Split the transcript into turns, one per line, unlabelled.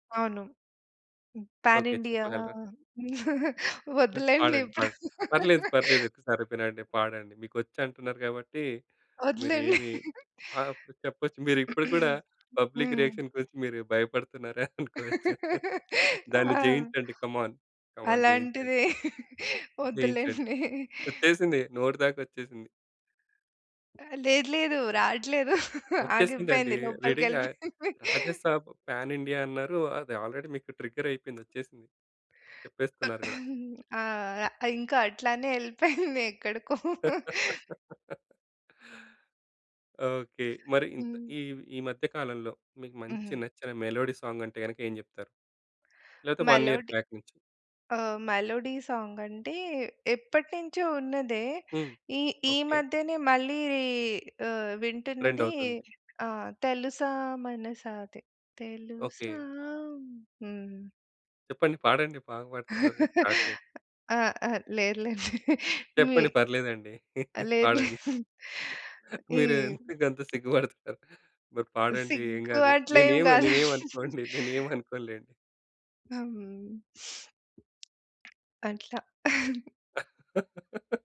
అవును. హ్మ్. Pan
okay.
India
చెప్పగలరా?
వద్దులేండి
పాడండి.
ఇప్పుడు.
పాడ్ పర్లేదు, పర్లేదు. ఒకసారి వినిపీయండి పాడండి. మీకొచ్చంటున్నారు కాబట్టి, మీరు
వద్దులేండి.
ఏమి ఆహ్, ప్ చెప్పచ్చు. మీరిప్పుడు కూడా పబ్లిక్
హ్మ్.
రియాక్షన్ గురించి మీరు భయపడుతున్నారనుకోవచ్చు. దాన్ని
ఆ!
జయించండి. కమాన్. కమాన్. జెయించండి.
అలాంటిదే
జెయించండి.
వద్దులెండి.
వచ్చేసింది. నోటి దాకొచ్చేసింది.
ఆ! లేదు. లేదు. రాట్లేదు.
వచ్చేసిందండి.
ఆగిపోయింది.
రెడీగా
లోపలికెళ్ళిపోయింది.
'రాజసాబ్' పాన్ ఇండియా అన్నారు. అది ఆల్రెడీ మీకు ట్రిగ్గరయిపోయింది ఒచ్చేసింది చెప్పేస్తున్నారు గూడా.
ఆ! ఇంకా అట్లనే ఎళ్ళిపోయింది ఎక్కడికో.
ఓకే. మరి ఇంత
హ్మ్.
ఈ ఈ మధ్య కాలంలో మీకు మంచి
హుహు.
నచ్చిన మెలోడీ సాంగ్ అంటే గనక, ఏం జెప్తారు? లేతే 1 ఇయర్
మెలోడీ
బ్యాక్ నుంచి.
ఆ! మెలోడీ సాంగ్ అంటే, ఎప్పటినుంచో ఉన్నదే,
హ్మ్.
ఈ ఈ
ఓకే.
మధ్యనే మళ్ళీ ఆహ్, వింటున్నది
ట్రెండవుతుంది.
ఆహ్, 'తెలుసా మనసా' అది తెలుసా
ఓకే.
హ్మ్.
చెప్పండి? పాడండి బాగా పడుతున్నారు కదా! స్టార్ట్ చేయండి.
ఆ! ఆ! లేదులేండి. మీ
చెప్పండి పర్లేదండి.
లేదులే.
పాడండి.
ఈ
మీరు ఎందుకంత సిగ్గు బడుతున్నారు? మరి పాడండి ఏం
సిగ్గు
గాదు.
అట్లేమి
నేనేమి
గాదు.
నేనేమనుకోండి నేనేమి అనుకోనులేండి.
హ్మ్. అట్లా.